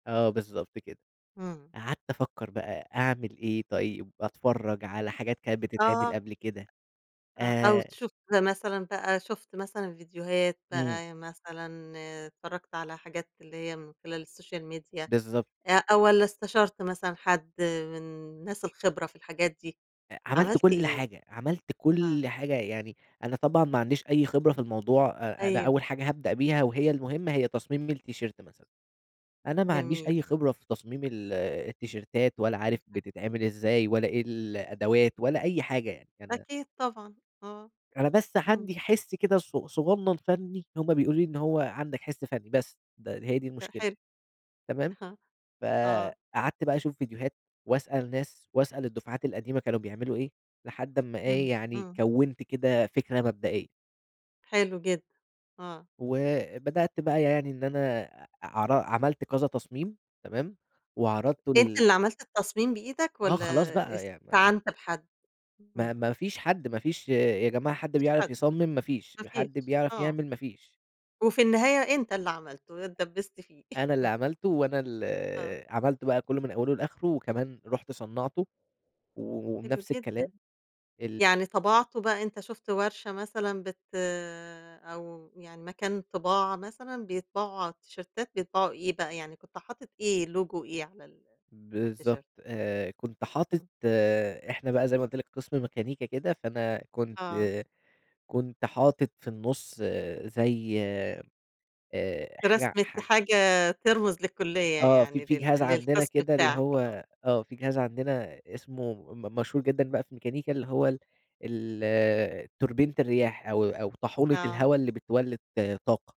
آه، بالضبط كده، إمم. قعدت أفكر بقى أعمل إيه طيب؟ أتفرّج على حاجات كانت بتتعمل آه. قبل كده آه، أو آآ تشوف [unintelligible] مثلًا بقى شُفت مثلًا فيديوهات إمم. بقى، مثلًا اتفرّجت على حاجات اللي هي من خلال السوشيال ميديا بالضبط. أ والَّا استشرت مثلًا حد من الناس الخبرة في الحاجات دي أ عملت عملت كل إيه؟ حاجة عملت آه. كل حاجة، يعني أنا طبعًا ما عنديش أي خبرة في الموضوع، أ أنا أيوه. أول حاجة هابدأ بيها وهي المهمة هي تصميم التيشيرت مثلًا، أنا ما عنديش جميل. أي خبرة في تصميم ال التيشيرتات ولا عارف بالضبط. بتتعمل إزاي ولا إيه الأدوات ولا أي حاجة يعني، أنا أكيد طبعًا، آه، أنا بس اهم. عندي حِسّ كده ص صغنّن فني هم بيقولوا لي إن هو عندك حِسّ فني بس، د هي دي لأ المشكلة، حلو، تمام أها، آه. فقعدت بقى أشوف فيديوهات وأسأل ناس، وأسأل الدفعات القديمة كانوا بيعملوا إيه، لحد أما اهم، إيه يعني إمم. كَوِّنت كده فكرة مبدئية. حلو جدًا، آه. وبدأت بقى يعني إن أنا ع عر عملت كذا تصميم تمام، وعرضته أنت لل اللي عملت التصميم بإيدك آه، والَّا خلاص بقى يعني، فاهم؟ استعنت بحد؟ ما امم. ما فيش حد ما فيش يا جماعة حد ما فيش بيعرف حد، يصمِّم ما فيش، ما فيش، حد بيعرف آه. يعمل ما فيش. وفي النهاية أنت اللي عملتُه، اتدبست فيه. أنا اللي عملتُه وأنا ال آه. عملتُه بقى كله من أوله لآخره، وكمان رُحت صنّعته و حلو وبنفس الكلام جدًا، ال يعني طبَعته بقى أنت شُفت ورشة مثلًا، بت أو يعني مكان طباعة مثلًا، بيطبعوا على التيشيرتات بيطبعوا إيه بقى، يعني كنت حاطط إيه لوجو إيه على ال على بالضبط التيشيرت؟ آآ، كنت حاطط إمم. إحنا بقى زي ما قلت لك قسم ميكانيكا كده، فأنا كنت آه. كنت حاطط في النُصّ زي آآ حاجة رسمة حا حاجة ترمز للكلية آه، في يعني، في جهاز لل عندنا للقسم كده اللي بتاعك، آه. هو آه في جهاز عندنا اسمه م مشهور جدًا بقى في ميكانيكا، اللي هو ال ال توربينة الرياح أو أو طاحونة آه. الهوا اللي بتولِّد طاقة.